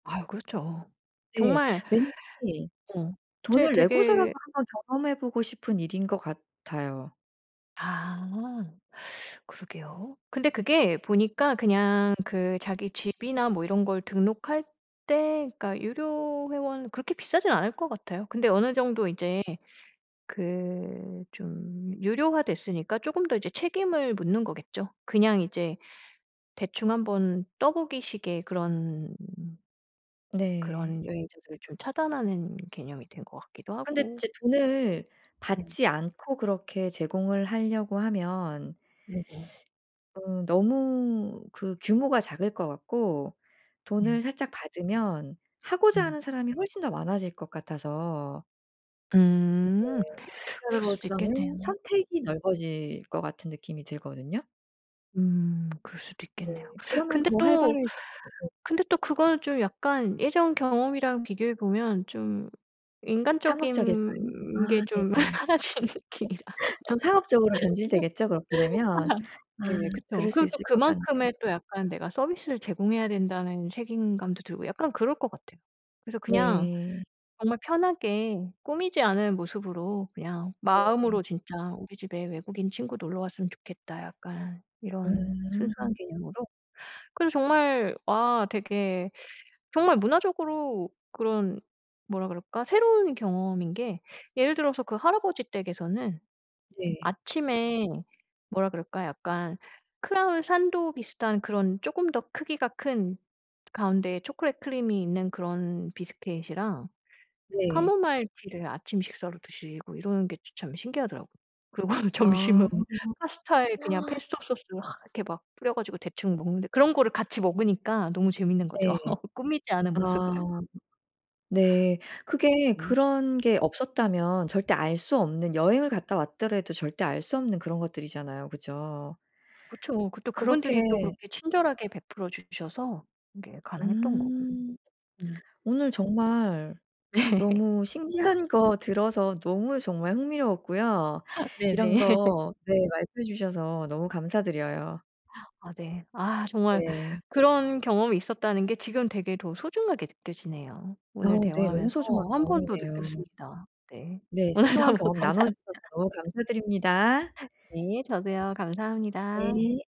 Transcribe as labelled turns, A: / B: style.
A: 아유 그렇죠.
B: 네.
A: 정말
B: 왠지
A: 어. 제
B: 돈을 내고서라도
A: 되게
B: 한번 경험해 보고 싶은 일인 것 같아요.
A: 아 그러게요. 근데 그게 보니까 그냥 그 자기 집이나 뭐 이런 걸 등록할 때 그러니까 유료 회원 그렇게 비싸진 않을 것 같아요. 근데 어느 정도 인제 그 좀 유료화 됐으니까 쪼금 더 이제 책임을 묻는 거겠죠. 그냥 이제 대충 한번 떠 보기 식의 그런
B: 네.
A: 그런 여행자들을 좀 차단하는 개념이 된 것 같기도
B: 근데
A: 하고.
B: 이제 돈을
A: 네.
B: 받지 않고 그렇게 제공을 하려고 하면
A: 네네.
B: 음 너무 그 규모가 작을 것 같고 돈을
A: 네.
B: 살짝 받으면 하고자
A: 음.
B: 하는 사람이 훨씬 더 많아질 것 같아서 그게
A: 음 그럴 수도
B: 한편으로써는
A: 있겠네요.
B: 선택이 넓어질 것 같은 느낌이 들거든요.
A: 음 그럴 수도
B: 네.
A: 있겠네요.
B: 그러면
A: 근데
B: 더
A: 또,
B: 활발해지 [unintelligible]
A: 근데 또 그거는 좀 약간 예전 경험이랑 비교해 보면 좀
B: 상업적일까요? 아
A: 인간적인 게 좀
B: 네네.
A: 사라지는 느낌이라.
B: 좀 상업적으로 변질되겠죠 그렇게 되면. 아
A: 예.
B: 그럴
A: 그쵸.
B: 수
A: 그리고 또
B: 있을 것 같네요.
A: 그만큼의 또 약간 '내가 서비스를 제공해야 된다.'는 책임감도 들고 약간 그럴 것 같아요. 그래서 그냥
B: 네.
A: 정말 편하게 꾸미지 않은 모습으로 그냥
B: 네.
A: 마음으로 진짜 '우리 집에 외국인 친구 놀러 왔으면 좋겠다.' 약간 이런 순수한
B: 음.
A: 개념으로. 그래서 정말 와 되게 정말 문화적으로 그런 뭐라 그럴까? 새로운 경험인 게 예를 들어서 그 할아버지 댁에서는
B: 네.
A: 아침에 뭐라 그럴까 약간 크라운 산도 비슷한 그런 쪼금 더 크기가 큰 가운데에 초콜릿 크림이 있는 그런 비스킷이랑
B: 네.
A: 카모마일 티를 아침 식사로 드시고 이러는 게 저 참 신기하더라고요. 그리고 점심은
B: 아.
A: 파스타에 그냥 페스토 소스를 하 이렇게 막 뿌려 가지고 대충 먹는데 그런 거를 같이 먹으니까 너무 재밌는 거죠.
B: 네.
A: 꾸미지 않은 모습을.
B: 아 네. 그게
A: 네.
B: 그런 게 없었다면 절대 알 수 없는 여행을 갔다 왔더라도 절대 알 수 없는 그런 것들이잖아요. 그죠?
A: 그쵸. 그 또
B: 그렇게
A: 그분들이 또 그렇게 친절하게 베풀어 주셔서 그게 가능했던 거고.
B: 음
A: 음.
B: 오늘 정말
A: 네.
B: 너무 신기한 거 들어서 너무 정말 흥미로웠고요. 이런
A: 네네.
B: 거 네. 말씀해 주셔서 너무 감사드려요.
A: 아 네. 아 정말
B: 네.
A: 그런 경험이 있었다는 게 지금 되게 더 소중하게 느껴지네요.
B: 아
A: 오늘
B: 네. 너무
A: 대화하면서
B: 소중한
A: 1 번 더
B: 경험이네요.
A: 느꼈습니다. 네.
B: 네.
A: 오늘
B: 소중한
A: 너무
B: 경험 나눠
A: 감사합니다.
B: 주셔서 너무 감사드립니다.
A: 네 저도요. 감사합니다.
B: 네.